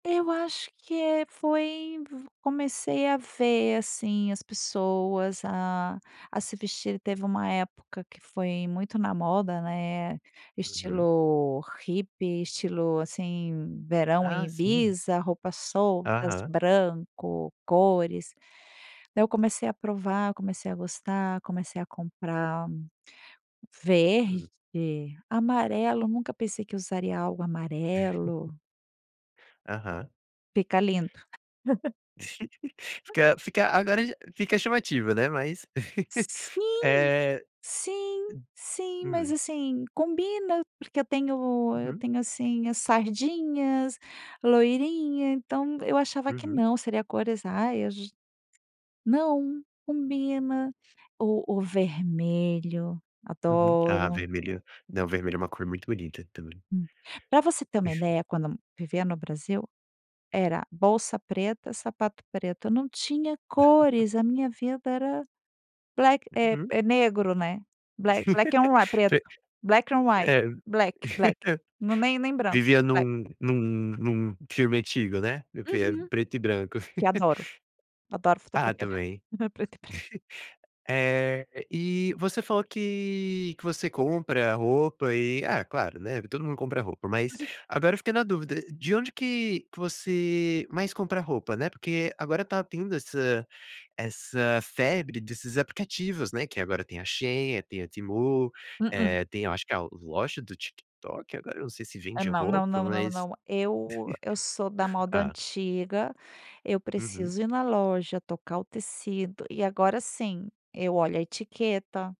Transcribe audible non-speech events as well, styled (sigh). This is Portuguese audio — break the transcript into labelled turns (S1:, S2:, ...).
S1: Eu acho que, eh, foi comecei a ver, assim, as pessoas a a se vestir. Teve uma época que foi muito na moda, né,
S2: Uhum.
S1: estilo hippie, estilo, assim, verão em
S2: Ah, sim.
S1: Ibiza, roupas soltas,
S2: Aham.
S1: branco, cores. Daí eu comecei a provar, comecei a gostar, comecei a comprar verde,
S2: Hum.
S1: amarelo, nunca pensei que usaria algo
S2: (laughs)
S1: amarelo.
S2: Aham.
S1: Fica lindo. (laughs)
S2: (giggles) Fica fica agora j fica chamativo, né, mas, (laughs)
S1: Sim,
S2: eh
S1: sim, sim, mas,
S2: hum.
S1: assim, combina porque eu tenho eu
S2: Uhum.
S1: tenho, assim, as sardinhas, loirinha, então eu achava que
S2: Uhum.
S1: não, seria cores ai j não, combina. O o vermelho,
S2: Uhum. Ah
S1: adoro.
S2: vermelho, não, vermelho é uma cor muito bonita também.
S1: Hum. Pra você ter uma
S2: (chuckles)
S1: ideia, quando vivia no Brasil era bolsa preta, sapato preto. Eu não tinha
S2: (laughs)
S1: cores, a minha vida era black é
S2: Uhum.
S1: é negro, né, bla black on whi
S2: (laughs)
S1: preto,
S2: Pe
S1: black on whi
S2: é,
S1: black, black
S2: (laughs)
S1: no nem nem branco,
S2: vivia
S1: black.
S2: num num num filme antigo, né, o que é
S1: Uhum.
S2: preto e branco.
S1: Que eu
S2: (laughs)
S1: adoro. Adoro
S2: Ah,
S1: fotografia
S2: também. (laughs)
S1: (chuckles) preto e bran
S2: Eh, e você falou que que você compra roupa e ah, claro, né, todo mundo compra roupa mas,
S1: Inclusive
S2: agora eu fiquei na dúvida, de onde que que você mais compra roupa, né? Porque agora tá tendo essa essa febre desses aplicativos, né, que agora tem a Shein, tem a Temu,
S1: Mm-mm.
S2: eh, tem eu acho que a loja do TikTok agora eu não sei se
S1: É
S2: vende
S1: não, não,
S2: roupa
S1: não, não,
S2: mas
S1: não, eu eu sou da
S2: (laughs)
S1: moda
S2: hã?
S1: antiga, eu
S2: Uhum.
S1: preciso ir na loja, tocar o tecido e agora, assim, eu olho a etiqueta.